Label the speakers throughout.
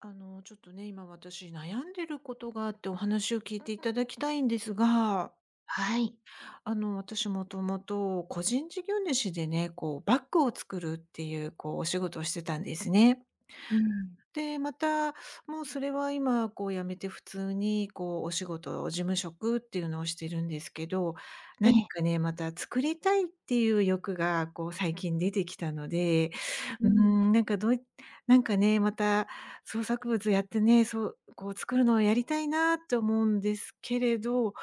Speaker 1: あのちょっとね、今私悩んでることがあってお話を聞いていただきたいんですが。
Speaker 2: はい。
Speaker 1: あの、私もともと、個人事業主でね、こうバッグを作るっていう、こうお仕事をしてたんですね。
Speaker 2: うん。
Speaker 1: で、また、もうそれは今こう辞めて、普通にこうお仕事、事務職っていうのをしてるんですけど、
Speaker 2: え
Speaker 1: 何
Speaker 2: え。
Speaker 1: かね、また作りたいっていう欲が、こう最近出てきたので、
Speaker 2: うー
Speaker 1: うー
Speaker 2: ん。
Speaker 1: ん、なんかどういなんかね、また創作物やってね、そう、こう作るのをやりたいなって思うんですけれど、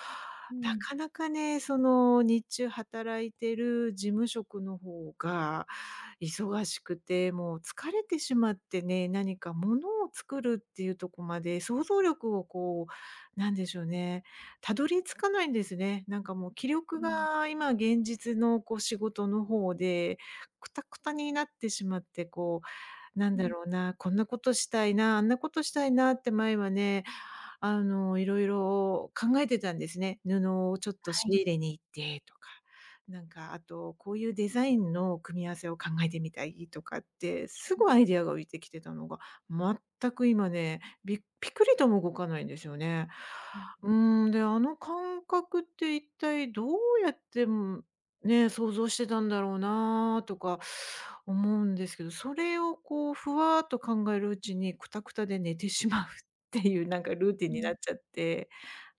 Speaker 2: う
Speaker 1: な
Speaker 2: ん。
Speaker 1: かなかね、その日中働いてる事務職の方が、忙しくて、もう疲れてしまってね、何か物を作るっていうとこまで想像力をこう、なんでしょうね、たどり着かないんですね。なんかもう気
Speaker 2: う
Speaker 1: 力
Speaker 2: ん。
Speaker 1: が今現実のこう仕事の方で、くたくたになってしまって、こう、なん
Speaker 2: う
Speaker 1: だ
Speaker 2: ん。
Speaker 1: ろうな、こんなことしたいな、あんなことしたいなって前はね、あの、いろいろ考えてたんですね。布をちょっと
Speaker 2: は
Speaker 1: 仕
Speaker 2: い。
Speaker 1: 入れに行ってとか。なんかあと、こういうデザインの組み合わせを考えてみたいとかって、す
Speaker 2: うん。
Speaker 1: ごいアイデアが浮いてきてたのが、全く今ね、びピクリとも動かないんですよね。
Speaker 2: うんう
Speaker 1: う
Speaker 2: ん。
Speaker 1: ーん、で、あの感覚って一体どうやって、ん、ね、想像してたんだろうなとか思うんですけど、それをこうふわっと考えるうちにくたくたで寝てしまうっていう何かルーティン
Speaker 2: う
Speaker 1: になっ
Speaker 2: ん。
Speaker 1: ちゃって、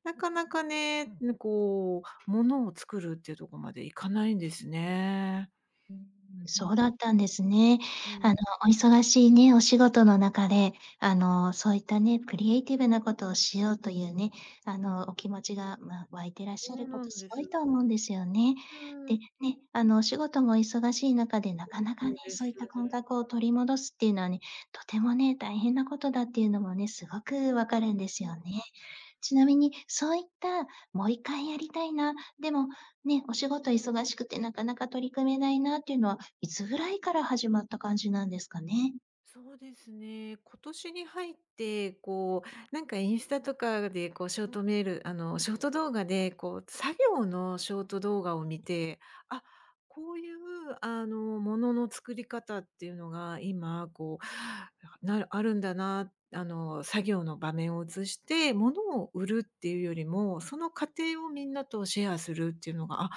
Speaker 1: なかなかね、ん、こう物を作るっていうとこまでいかないんですね。
Speaker 2: うーん、
Speaker 1: うん。
Speaker 2: そうだったんですね。
Speaker 1: う
Speaker 2: あの、
Speaker 1: ん。
Speaker 2: お忙しいねお仕事の中であのそういったね、クリエイティブなことをしようというね、あの、お気持ちがまあ、湧いてらっ
Speaker 1: そ
Speaker 2: しゃる
Speaker 1: う
Speaker 2: こ
Speaker 1: な
Speaker 2: と
Speaker 1: ん
Speaker 2: す
Speaker 1: で
Speaker 2: ごい
Speaker 1: す。
Speaker 2: と思うんですよね。
Speaker 1: うー
Speaker 2: で、
Speaker 1: ん。
Speaker 2: ね、あの、お仕事も忙しい中でなかなか
Speaker 1: そ
Speaker 2: ね、
Speaker 1: うです
Speaker 2: そういった感
Speaker 1: ね。
Speaker 2: 覚を取り戻すっていうのはね、とてもね、大変なことだっていうのもね、すごく分かるんです
Speaker 1: うん。
Speaker 2: よね。ちなみにそういったもう一回やりたいな、でも、ね、お仕事忙しくてなかなか取り組めないなっていうのはいつぐらいから始まった感じなんですかね？
Speaker 1: そうですね。今年に入って、こう、なんか、インスタとかで、こう、ショートメールあの、ショート動画で、こう、作業のショート動画を見て、あ、こういう、あの、ものの作り方っていうのが今、こう、なるあるんだな、あの、作業の場面を映して、物を売るっていうよりも、その過程をみんなとシェアするっていうのが、あ、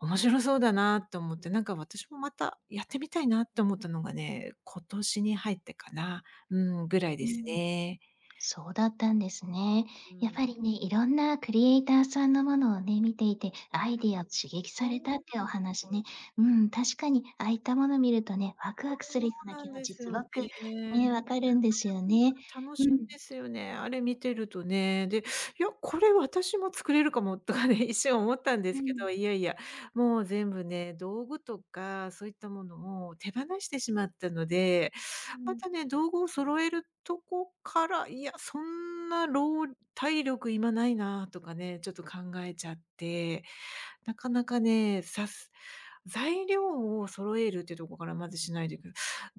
Speaker 1: 面白そうだなと思って、なんか、私もまたやってみたいなって思ったのがね、今年に入ってかな、うーん、ぐらい
Speaker 2: う
Speaker 1: で
Speaker 2: ー
Speaker 1: す
Speaker 2: ん。
Speaker 1: ね。
Speaker 2: そうだったんですね。
Speaker 1: う
Speaker 2: や
Speaker 1: ー
Speaker 2: っ
Speaker 1: ん。
Speaker 2: ぱりね、いろんなクリエイターさんのものをね、見ていてアイデア刺激さ
Speaker 1: そうな
Speaker 2: れ
Speaker 1: ん
Speaker 2: たってお
Speaker 1: で
Speaker 2: 話ね、
Speaker 1: す。
Speaker 2: うん、確かに、ああいったもの見るとね、ワク
Speaker 1: そ
Speaker 2: ワクするよう
Speaker 1: う
Speaker 2: な
Speaker 1: な
Speaker 2: 気
Speaker 1: ん
Speaker 2: 持
Speaker 1: で
Speaker 2: ち、
Speaker 1: す
Speaker 2: す
Speaker 1: よ
Speaker 2: ご
Speaker 1: ね。
Speaker 2: く、ね、分かるんですよね。
Speaker 1: 楽
Speaker 2: う
Speaker 1: しい
Speaker 2: ん。
Speaker 1: ですよね、あれ見てるとね。で、いや、これ私も作れるかも、とかね、一瞬思ったんで
Speaker 2: う
Speaker 1: すけど、
Speaker 2: ん。
Speaker 1: いやいや、もう全部ね、道具とかそういったものを手放してしまったので、
Speaker 2: う
Speaker 1: ま
Speaker 2: ん。
Speaker 1: たね、道具を揃えるとこから、いや、そんなろう体力今ないなとかね、ちょっと考えちゃって。なかなかね、さす材料を揃えるっていうところからまずしないといけない。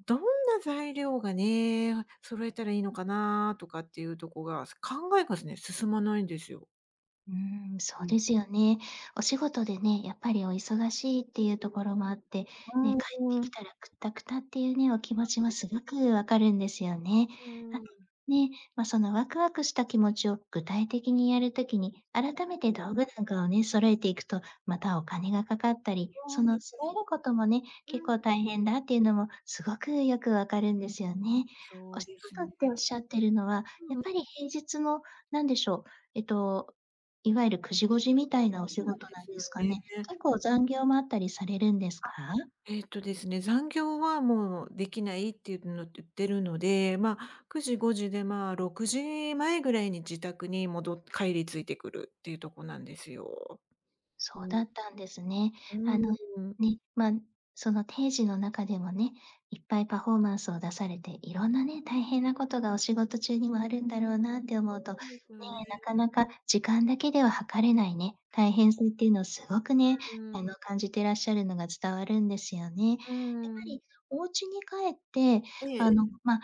Speaker 1: どんな材料がね、揃えたらいいのかなとかっていうとこが、す考えがすね、進まないんですよ。
Speaker 2: うーん、そ
Speaker 1: う
Speaker 2: う
Speaker 1: ん。
Speaker 2: ですよね。お仕事でね、やっぱりお忙しいっていうところもあって、ね、
Speaker 1: う
Speaker 2: 帰って
Speaker 1: ーん。う
Speaker 2: き
Speaker 1: ん。
Speaker 2: たらクッタクタっていうね、お気持
Speaker 1: なん
Speaker 2: ちも
Speaker 1: で
Speaker 2: す
Speaker 1: す。
Speaker 2: ごくわかるんですよね。
Speaker 1: う
Speaker 2: あ、
Speaker 1: ーん。
Speaker 2: ね、ま、そのワクワクした気持ちを具体的にやる時に、改め
Speaker 1: う
Speaker 2: て
Speaker 1: ん。
Speaker 2: 道具なんかをね、揃えていくと、またお金がかかったり、その揃え
Speaker 1: [unintelligible]
Speaker 2: ることもね、
Speaker 1: う
Speaker 2: 結構
Speaker 1: ん。
Speaker 2: 大変だっていうのもすごくよくわかるんですよね。お
Speaker 1: そう
Speaker 2: 仕
Speaker 1: です
Speaker 2: 事って
Speaker 1: ね。
Speaker 2: おっしゃってるのは、やっぱり
Speaker 1: [unintelligible]
Speaker 2: 平日の、何でしょう、えと、いわゆる9時5時みたいなお
Speaker 1: そ
Speaker 2: 仕
Speaker 1: うなん
Speaker 2: 事
Speaker 1: で
Speaker 2: なん
Speaker 1: す
Speaker 2: で
Speaker 1: よ
Speaker 2: すかね。
Speaker 1: ね。
Speaker 2: 結
Speaker 1: う
Speaker 2: 構
Speaker 1: ん。
Speaker 2: 残業もあったりされるんですか？
Speaker 1: あ、えっとですね、残業はもうできないっていうの言ってるので、まあ、9時5時で、まあ、6時前ぐらいに自宅に戻帰り着いてくるっていうとこなんですよ。う
Speaker 2: そう
Speaker 1: ん。
Speaker 2: だったんですね。
Speaker 1: うー
Speaker 2: あ
Speaker 1: ん、
Speaker 2: の、
Speaker 1: うん。
Speaker 2: ね、ま、その定時の中でもね、いっぱいパフォーマンスを出されていろんなね、大変なことがお仕事中にもあるんだろうなって思
Speaker 1: そ
Speaker 2: うと、ね
Speaker 1: うなんですよ
Speaker 2: え、なか
Speaker 1: ね。
Speaker 2: なか時間だけでは測れないね、大変さっていうのを、すごくね、
Speaker 1: うーん。
Speaker 2: あの、感じてらっしゃるのが伝わるんですよね。やっぱ
Speaker 1: うーん。
Speaker 2: りお家に帰って、
Speaker 1: え
Speaker 2: あ
Speaker 1: え。
Speaker 2: の、ま、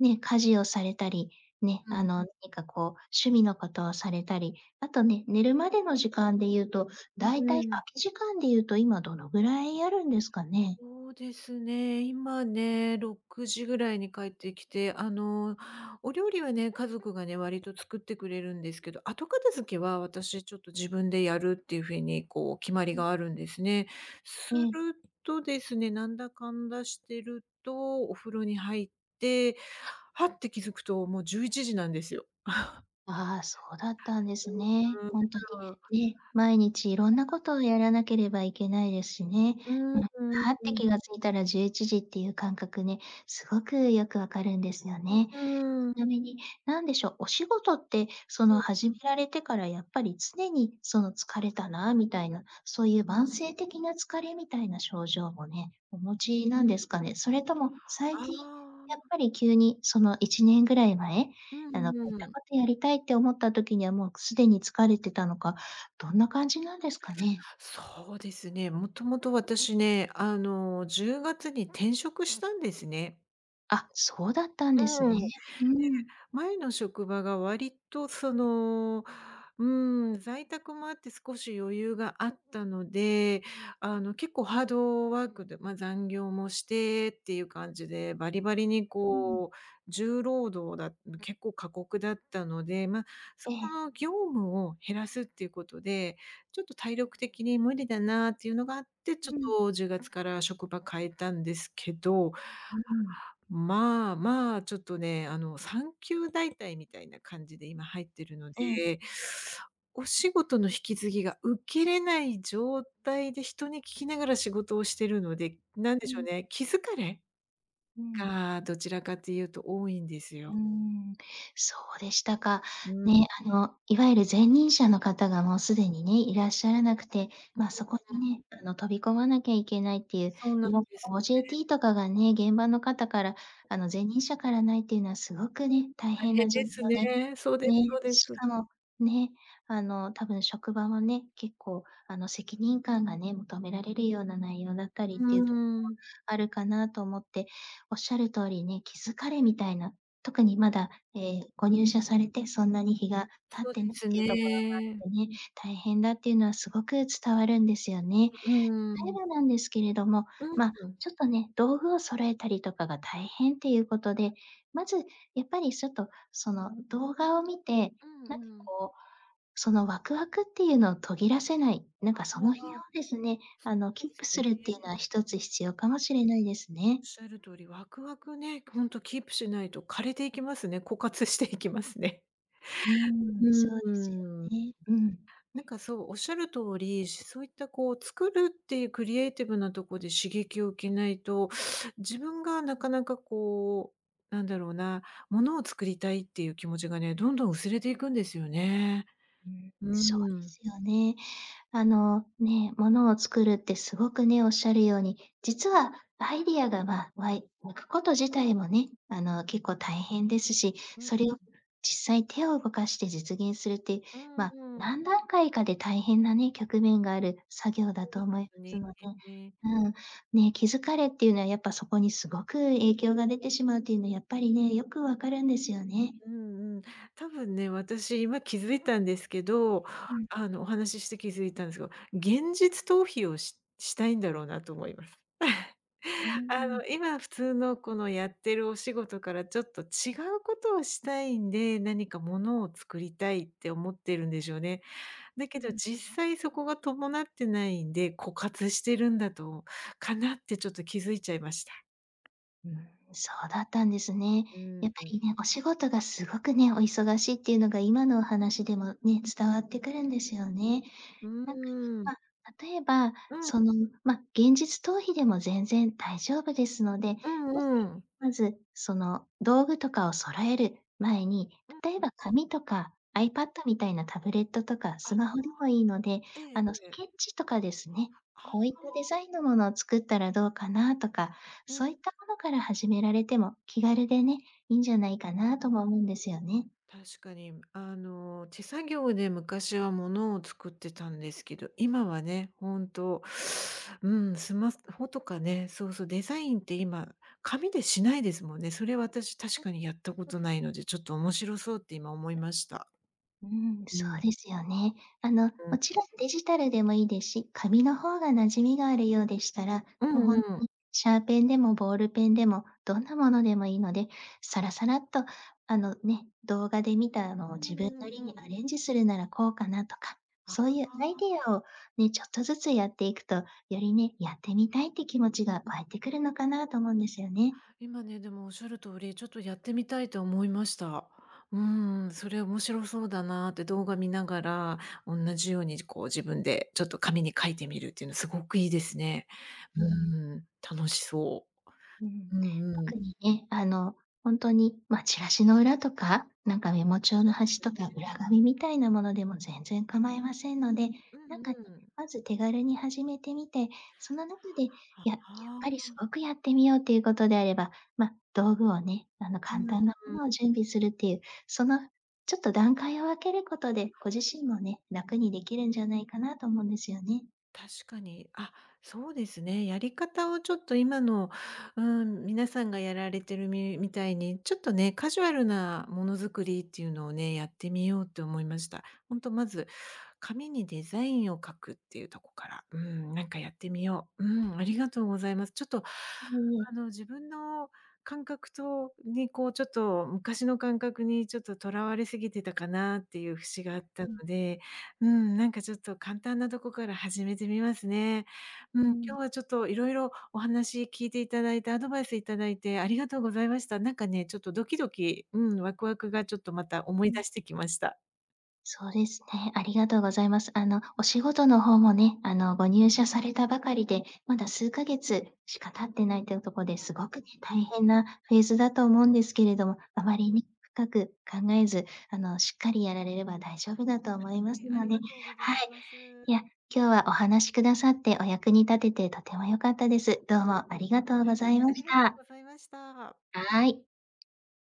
Speaker 2: ね、家事をされたり、ね、
Speaker 1: う
Speaker 2: あ
Speaker 1: ん。
Speaker 2: の、何か、こう、趣味のことをされたり、あとね、寝るまでの時間で言うと、
Speaker 1: うん、
Speaker 2: だいたい
Speaker 1: うーん。
Speaker 2: 空き時間でいうと今どのぐらいあるんですかね？
Speaker 1: そうですね、今ね、6時ぐらいに帰ってきて、あの、お料理はね、家族がね、割と作ってくれるんですけど、後片付けは、私、ちょっと自分でやるっていうふうに、こう、決まり
Speaker 2: うん。
Speaker 1: があるんですね。す
Speaker 2: う
Speaker 1: る
Speaker 2: ん。
Speaker 1: とですね、なんだかんだしてると、お風呂に入って、はって気づくと、もう11時なんですよ。
Speaker 2: ああ、そうだったんですね。ほんとに
Speaker 1: [unintelligible]
Speaker 2: ね、毎日いろんなことをやらなければいけないですしね。
Speaker 1: うん、
Speaker 2: う
Speaker 1: う
Speaker 2: ん。
Speaker 1: ん、
Speaker 2: はっ
Speaker 1: う
Speaker 2: て
Speaker 1: ん。
Speaker 2: 気が付いたら11時っていう感覚ね、すごくよくわかるんですよ
Speaker 1: うう
Speaker 2: ね。
Speaker 1: ー
Speaker 2: ち
Speaker 1: ん。
Speaker 2: なみに、何でしょ、お仕事って、そ
Speaker 1: う
Speaker 2: の、
Speaker 1: ん。
Speaker 2: 始められてから、やっぱり常に、その、疲れたなみたいな、そういう慢性的な疲れみたいな症状もね、お持ちなんですかね。それとも最
Speaker 1: あ
Speaker 2: 近やっ
Speaker 1: あ。
Speaker 2: ぱり急に、その1年ぐらい前、
Speaker 1: う
Speaker 2: あの、
Speaker 1: ん
Speaker 2: こういっ
Speaker 1: う
Speaker 2: た
Speaker 1: ん。
Speaker 2: ことやりたいって思った時には、もうすでに疲れてたのか、どんな感じなんですかね？
Speaker 1: そうですね、もともと私ね、あの、10月に転職したんですね。
Speaker 2: あ、そうだったんですね。
Speaker 1: うーん。で、
Speaker 2: うーん。
Speaker 1: 前の職場が割と、その、うーん、在宅もあって少し余裕があったので、あの、結構ハードワークで、ま、残業もしてっていう感じでバリバリに、
Speaker 2: うん。
Speaker 1: こう、重労働だん、結構過酷だったので、ま、そ
Speaker 2: え
Speaker 1: こ
Speaker 2: え。
Speaker 1: の業務を減らすっていうことで、ちょっと体力的に無理だなっていうのがあって、
Speaker 2: う
Speaker 1: ちょっ
Speaker 2: ん。
Speaker 1: と10月から職場変えたんですけど、
Speaker 2: ううん。
Speaker 1: まあ、まあ、ちょっとね、あの、産休代替みたいな感じで今入ってるの
Speaker 2: ええ。
Speaker 1: で、お仕事の引き継ぎが受けれない状態で人に聞きながら仕事をしてるので、なんで
Speaker 2: う
Speaker 1: しょう
Speaker 2: ん。
Speaker 1: ね、気疲れ
Speaker 2: うん。
Speaker 1: が、どちらかというと多いんです
Speaker 2: うー
Speaker 1: よ。
Speaker 2: ん。そうでしたか。
Speaker 1: うん。
Speaker 2: ね、あの、いわゆる前任者の方がもうすでにね、いらっしゃらなくて、まあ、そこに
Speaker 1: [unintelligible]
Speaker 2: ね、あの、飛び込まなきゃいけないっていう、
Speaker 1: そうな
Speaker 2: い
Speaker 1: ん
Speaker 2: わ
Speaker 1: ですね。
Speaker 2: ゆる OJT とかがね、現場の方から、あの、前任者からないっていうのはすごくね、大
Speaker 1: 大
Speaker 2: 変
Speaker 1: 変
Speaker 2: な状況
Speaker 1: です
Speaker 2: で、
Speaker 1: ね。そうです
Speaker 2: ね、
Speaker 1: そうで
Speaker 2: し
Speaker 1: す。
Speaker 2: かも、ね、あの、多分職場もね、結構、あの、責任感がね、求められるような内容だったりっ
Speaker 1: う
Speaker 2: ていうとこも
Speaker 1: ーん。
Speaker 2: あるかなと思って。おっしゃる通りね気疲れみたいな、特にまだ、ええ、ご入社されてそんなに日が経っ
Speaker 1: そうで
Speaker 2: てないっ
Speaker 1: す
Speaker 2: ていうところ
Speaker 1: ね。
Speaker 2: もあってね、大変だっていうのはすごく伝わるんですよね。
Speaker 1: うう
Speaker 2: たえ
Speaker 1: ん。
Speaker 2: ばなんですけれども、
Speaker 1: うん、
Speaker 2: ま、
Speaker 1: うん。
Speaker 2: ちょっとね、道具を揃えたりとかが大変っていうことで、まず、やっぱりちょっと、その動画を見て、
Speaker 1: うん
Speaker 2: なんか、
Speaker 1: うん。
Speaker 2: こう、そのワクワクっていうのを途切らせない、なん
Speaker 1: ああ、
Speaker 2: か、その日を
Speaker 1: そう
Speaker 2: ですね、あの、キ
Speaker 1: で
Speaker 2: ープ
Speaker 1: すね。
Speaker 2: するっていうのは1つ必要かも
Speaker 1: あ
Speaker 2: しれないですね。
Speaker 1: おっしゃる通り、わくわくね、ほんとキープしないと枯れていきますね。枯渇していきますね。
Speaker 2: うーん、そう
Speaker 1: うー
Speaker 2: ですよ
Speaker 1: ん。
Speaker 2: ね。うん。
Speaker 1: なんか、そう、おっしゃる通り、そういった、こう、作るっていうクリエイティブなとこで刺激を受けないと、自分がなかなか、こう、なんだろうな、物を作りたいっていう気持ちがね、どんどん薄れていくんですよね。
Speaker 2: うーん、
Speaker 1: う
Speaker 2: そう
Speaker 1: ー
Speaker 2: で
Speaker 1: ん。
Speaker 2: すよね。あの、ね、物を作るって、すごくね、おっしゃるように、実はアイディアが、わわいわくこと自体もね、あの、結構大変ですし、
Speaker 1: うん。
Speaker 2: それを実際手を動かして実現するっていう、
Speaker 1: うーん
Speaker 2: まあ、
Speaker 1: うーん。
Speaker 2: 何段階かで大変なね、局面がある作業だ
Speaker 1: そう
Speaker 2: と
Speaker 1: なん
Speaker 2: 思いま
Speaker 1: す
Speaker 2: すので、
Speaker 1: ね。
Speaker 2: うん、ね、気疲れっていうのはやっぱそこにすごく影響が出てしまうというのは、やっぱりね、よくわかるんですよね。
Speaker 1: うんうん。多分ね、私今気づいたんですけど、
Speaker 2: うーん。
Speaker 1: あの、お話しして気づいたんですけど、現実逃避をししたいんだろうなと思います。
Speaker 2: うん
Speaker 1: あ
Speaker 2: うん。
Speaker 1: の、今普通のこのやってるお仕事からちょっと違うことをしたいんで、何かものを作りたいって思ってるんでしょうね。だけ
Speaker 2: う
Speaker 1: ど
Speaker 2: ん。
Speaker 1: 実際そこが伴ってないんで、枯渇してるんだとかなってちょっと気づいちゃいました。
Speaker 2: うん、そうだったんですね。
Speaker 1: うー
Speaker 2: やっぱ
Speaker 1: ん。
Speaker 2: りね、お仕事がすごくねお忙しいっていうのが今のお話でもね、伝わってくるんですよね。
Speaker 1: う
Speaker 2: なんか、
Speaker 1: ーん。
Speaker 2: ま、例えば
Speaker 1: うん。
Speaker 2: その、ま、現実逃避でも全然大丈夫ですので、
Speaker 1: う
Speaker 2: もし
Speaker 1: んうん。
Speaker 2: まず、その道具とかを揃える前に、
Speaker 1: う
Speaker 2: 例え
Speaker 1: ん。
Speaker 2: ば紙とか iPad みたいなタブレットとか
Speaker 1: あ。
Speaker 2: ス
Speaker 1: はあ。
Speaker 2: マホでもいいので、
Speaker 1: あ。ええ
Speaker 2: あの、ス
Speaker 1: ええ。
Speaker 2: ケッチとかですね、
Speaker 1: あ
Speaker 2: こういっ
Speaker 1: あ。
Speaker 2: たデザインのものを作ったらどうかなとか、そ
Speaker 1: [unintelligible]
Speaker 2: ういったものから始められても、気軽でね、いいんじゃないかなとも思うんですよね。
Speaker 1: 確かにあの、手作業で昔はものを作ってたんですけど、今はね、本当、うん、スマホとかね、そうそう、デザインって今、紙でしないですもんね。それ私確かにやったことないので、ちょっと面白そうって今思いました。
Speaker 2: うん、
Speaker 1: う
Speaker 2: そう
Speaker 1: ん。
Speaker 2: ですよね。あの、
Speaker 1: う
Speaker 2: も
Speaker 1: ん。
Speaker 2: ちろんデジタルでもいいですし、紙の方が馴染みがあるようでしたら、
Speaker 1: う
Speaker 2: もうほ
Speaker 1: ん
Speaker 2: ん
Speaker 1: うん。
Speaker 2: にシャーペンでもボールペンでもどんなものでもいいので、さらさらっとあのね、動画で見た
Speaker 1: う
Speaker 2: のを自分
Speaker 1: ーん。
Speaker 2: なり
Speaker 1: う
Speaker 2: に
Speaker 1: ん。
Speaker 2: アレンジするならこうかなとか、
Speaker 1: ああ、
Speaker 2: そういう
Speaker 1: あ
Speaker 2: アイ
Speaker 1: あ。
Speaker 2: デアをね、ちょっとずつやっていくと、よりね、やってみたいって気持ちが湧いてくるのかなと思うんですよね。
Speaker 1: 今ね、でもおっしゃる通り、ちょっとやってみたいと思いました。うん、それ面白そうだなって動画見ながら、同じようにじこう自分でちょっと紙に書いてみるっていうの凄くいいですね。
Speaker 2: うん。
Speaker 1: うん、楽しそ
Speaker 2: うん。
Speaker 1: う。うんうん。
Speaker 2: 特にね、あのほんとに、ま、チラシの裏とか、何かメモ帳の
Speaker 1: そうです
Speaker 2: 端と
Speaker 1: よ
Speaker 2: か
Speaker 1: ね。
Speaker 2: 裏紙みたいなものでも全然構いませんので、
Speaker 1: う
Speaker 2: なん
Speaker 1: ん
Speaker 2: かね、
Speaker 1: うん。
Speaker 2: まず手軽に始めてみて、その中で
Speaker 1: は、
Speaker 2: ややっ
Speaker 1: は
Speaker 2: ぱりす
Speaker 1: あ。
Speaker 2: ごくやってみようっていうことであれば、ま、道具をね、あの、
Speaker 1: うう
Speaker 2: 簡単なも
Speaker 1: ん。
Speaker 2: のを準備するっていうそのちょっと段階を分けることで、ご自身もね、楽にできるんじゃないかなと思うんですよね。
Speaker 1: 確かに。あ、そうですね、やり方をちょっと今の、うーん、皆さんがやられてるみみたいに、ちょっとね、カジュアルなものづくりっていうのをね、やってみようって思いました。ほんとまず、紙にデザインを書くっていうとこから、うん、なんかやってみよう。うーん、ありがとうございます。ちょっと、
Speaker 2: うん。
Speaker 1: あの、自分の感覚とにこうちょっと昔の感覚にちょっと、とらわれすぎてたかなっていう節があったの
Speaker 2: うん。
Speaker 1: で、うーん、なんかちょっと簡単なとこから始めてみますね。うん、
Speaker 2: うん。
Speaker 1: 今日はちょっといろいろお話聞いていただいて、アドバイスいただいてありがとうございました。なんかね、ちょっとドキドキうん、ワクワクがちょっとまた思い
Speaker 2: うん。
Speaker 1: 出してきました。
Speaker 2: そうですね、ありがとうございます。あの、お仕事の方もね、あの、ご入社されたばかりでまだ数ヶ月しか経ってないというところで、
Speaker 1: う
Speaker 2: すごく
Speaker 1: ん。
Speaker 2: 大変なフェーズだと思うんですけれども、
Speaker 1: え。
Speaker 2: あまりに深く考えず、あの、しっかりやられれば大丈夫だと思います
Speaker 1: はい、あ
Speaker 2: の
Speaker 1: り
Speaker 2: で、
Speaker 1: がとうござい
Speaker 2: はい。
Speaker 1: ます。
Speaker 2: いや、今日はお話しくださってお役に立ててとても良かったです。どうもありがとうご
Speaker 1: は
Speaker 2: ざ
Speaker 1: い、
Speaker 2: いま
Speaker 1: あ
Speaker 2: し
Speaker 1: りがと
Speaker 2: た。
Speaker 1: うございました。
Speaker 2: はい。